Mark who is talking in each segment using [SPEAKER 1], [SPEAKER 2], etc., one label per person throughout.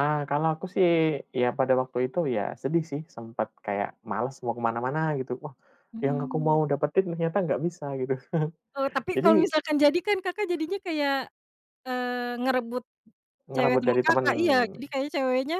[SPEAKER 1] Ah, kalau aku sih ya, pada waktu itu ya sedih sih, sempat kayak males mau ke mana-mana, gitu. Wah, yang aku
[SPEAKER 2] Mmm.
[SPEAKER 1] mau dapetin ternyata nggak bisa, gitu.
[SPEAKER 2] Eee, tapi
[SPEAKER 1] Jadi
[SPEAKER 2] kalau misalkan jadi kan, Kakak jadinya kayak, eee, ngerebut cewek
[SPEAKER 1] Ngerebut
[SPEAKER 2] teman
[SPEAKER 1] dari teman.
[SPEAKER 2] Kakak. Iya, jadi kayaknya ceweknya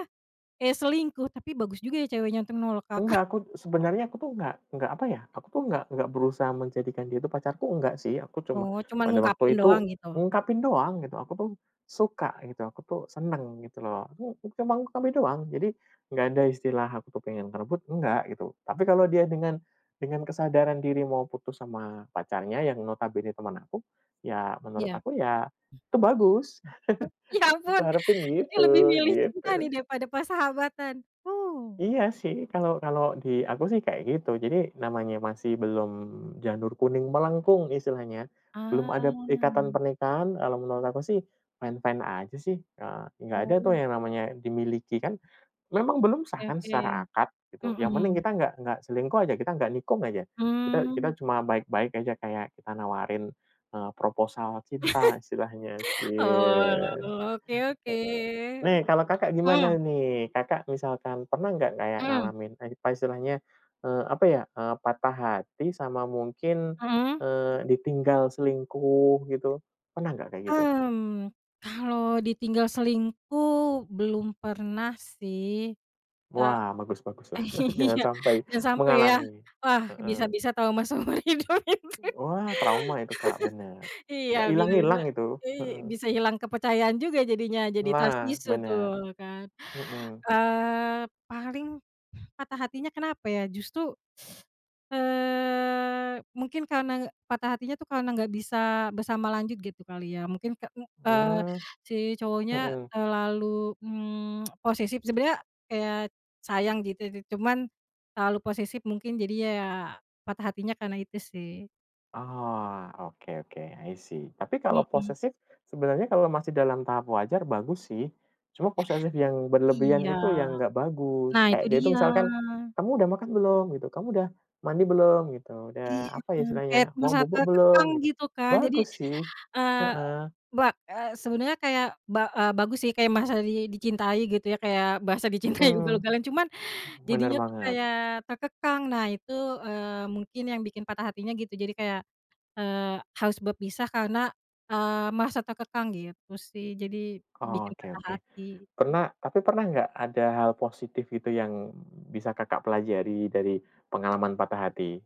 [SPEAKER 2] kayak selingkuh, tapi bagus juga ya ceweknya untuk menolak Kakak.
[SPEAKER 1] Enggak, aku sebenarnya aku tuh enggak enggak, apa ya, aku tuh enggak enggak berusaha menjadikan dia itu pacarku, enggak sih. Aku cuma
[SPEAKER 2] Oh, cuman
[SPEAKER 1] pada
[SPEAKER 2] ngungkapin
[SPEAKER 1] waktu itu
[SPEAKER 2] doang, gitu.
[SPEAKER 1] ungkapin doang gitu, aku tuh suka, gitu, aku tuh senang, gitu loh, aku cuma ngungkapin doang. Jadi, nggak ada istilah aku tuh pengen merebut, enggak, gitu. Tapi kalau dia dengan dengan kesadaran diri mau putus sama pacarnya yang notabene teman aku, ya menurut
[SPEAKER 2] Iya.
[SPEAKER 1] aku ya, itu bagus.
[SPEAKER 2] Ya
[SPEAKER 1] Aku
[SPEAKER 2] ampun,
[SPEAKER 1] harepin
[SPEAKER 2] jadi lebih
[SPEAKER 1] gitu,
[SPEAKER 2] milih cinta nih
[SPEAKER 1] gitu.
[SPEAKER 2] daripada persahabatan. Huh.
[SPEAKER 1] Iya sih, kalau kalau di aku sih kayak gitu. Jadi, namanya masih belum janur kuning melengkung, istilahnya,
[SPEAKER 2] Ah.
[SPEAKER 1] belum ada ikatan pernikahan, kalau menurut aku sih fine-fine aja sih, heeh. Nggak ada tuh
[SPEAKER 2] Oh.
[SPEAKER 1] yang namanya dimiliki. Kan memang belum sah
[SPEAKER 2] Oke
[SPEAKER 1] kan secara
[SPEAKER 2] oke.
[SPEAKER 1] akad gitu, yang penting
[SPEAKER 2] Mhm.
[SPEAKER 1] kita nggak nggak selingkuh aja, kita nggak nikung aja, kita kita
[SPEAKER 2] Mmm.
[SPEAKER 1] cuma baik-baik aja kayak kita nawarin, eee, proposal cinta istilahnya,
[SPEAKER 2] Oh,
[SPEAKER 1] cie. Heeh. Nih,
[SPEAKER 2] oke-oke.
[SPEAKER 1] kalau Kakak
[SPEAKER 2] Hmm.
[SPEAKER 1] gimana nih? Kakak misalkan pernah nggak kayak
[SPEAKER 2] Mhm.
[SPEAKER 1] ngalamin, apa istilahnya, apa ya, eee, patah hati sama mungkin,
[SPEAKER 2] Mhm.
[SPEAKER 1] eee, ditinggal selingkuh gitu, pernah nggak kayak gitu?
[SPEAKER 2] Mmm, kalau ditinggal selingkuh belum pernah sih, Kak.
[SPEAKER 1] Wah, bagus
[SPEAKER 2] E
[SPEAKER 1] baguslah jangan
[SPEAKER 2] Iya,
[SPEAKER 1] sampai
[SPEAKER 2] jangan sampai ,ya.
[SPEAKER 1] mengalami.
[SPEAKER 2] Wah,
[SPEAKER 1] Heeh.
[SPEAKER 2] bisa-bisa trauma seumur hidup itu.
[SPEAKER 1] Wah, trauma itu, Kak. Bener,
[SPEAKER 2] Iya,
[SPEAKER 1] nggak
[SPEAKER 2] bisa-bisa
[SPEAKER 1] hilang-hilang itu.
[SPEAKER 2] i
[SPEAKER 1] Heeh.
[SPEAKER 2] bisa hilang kepercayaan juga jadinya. Jadi trust
[SPEAKER 1] Nah,
[SPEAKER 2] issue
[SPEAKER 1] bener.
[SPEAKER 2] tuh, kan.
[SPEAKER 1] Heeh.
[SPEAKER 2] Eee, paling patah hatinya kenapa ya, justru, eee, mungkin karena, e patah hatinya tuh karena enggak bisa bersama lanjut, gitu, kali ya. Mungkin ke eee,
[SPEAKER 1] Mmm.
[SPEAKER 2] si cowoknya
[SPEAKER 1] Heeh.
[SPEAKER 2] terlalu, mmm, posesif sebenarnya, kayak sayang, gitu, cuman terlalu posesif, mungkin jadinya ya patah hatinya karena itu sih.
[SPEAKER 1] Oh, oke oke. I See, tapi kalau
[SPEAKER 2] Mhm.
[SPEAKER 1] posesif sebenarnya kalau masih dalam tahap wajar, bagus sih. Cuma posesif yang berlebihan
[SPEAKER 2] Iya.
[SPEAKER 1] itu yang nggak bagus.
[SPEAKER 2] Nah,
[SPEAKER 1] Kayak
[SPEAKER 2] itu
[SPEAKER 1] dia itu
[SPEAKER 2] dia.
[SPEAKER 1] misalkan, "Kamu udah makan belum?", gitu. "Kamu udah mandi belum?", gitu,
[SPEAKER 2] Iya,
[SPEAKER 1] udah, apa ya,
[SPEAKER 2] kayak
[SPEAKER 1] istilahnya, "Mau
[SPEAKER 2] merasa
[SPEAKER 1] bobo
[SPEAKER 2] terkekang,
[SPEAKER 1] belum?", gitu.
[SPEAKER 2] gitu kan, jadi,
[SPEAKER 1] bagus sih.
[SPEAKER 2] eee,
[SPEAKER 1] Heeh.
[SPEAKER 2] ba eee, sebenarnya kayak ba eee, bagus sih kayak merasa di dicintai gitu ya, kayak merasa dicintai
[SPEAKER 1] Heeh.
[SPEAKER 2] ugal-ugalan. Cuman
[SPEAKER 1] Bener
[SPEAKER 2] jadinya tuh
[SPEAKER 1] banget.
[SPEAKER 2] kayak terkekang. Nah, itu, eee, mungkin yang bikin patah hatinya gitu jadi kayak, eee, harus berpisah karena, eee, merasa terkekang gitu sih, jadi bikin
[SPEAKER 1] Oke
[SPEAKER 2] patah
[SPEAKER 1] oke.
[SPEAKER 2] hati, git
[SPEAKER 1] Pernah tapi pernah nggak ada hal positif itu yang, mhm, bisa Kakak pelajari dari pengalaman patah hati?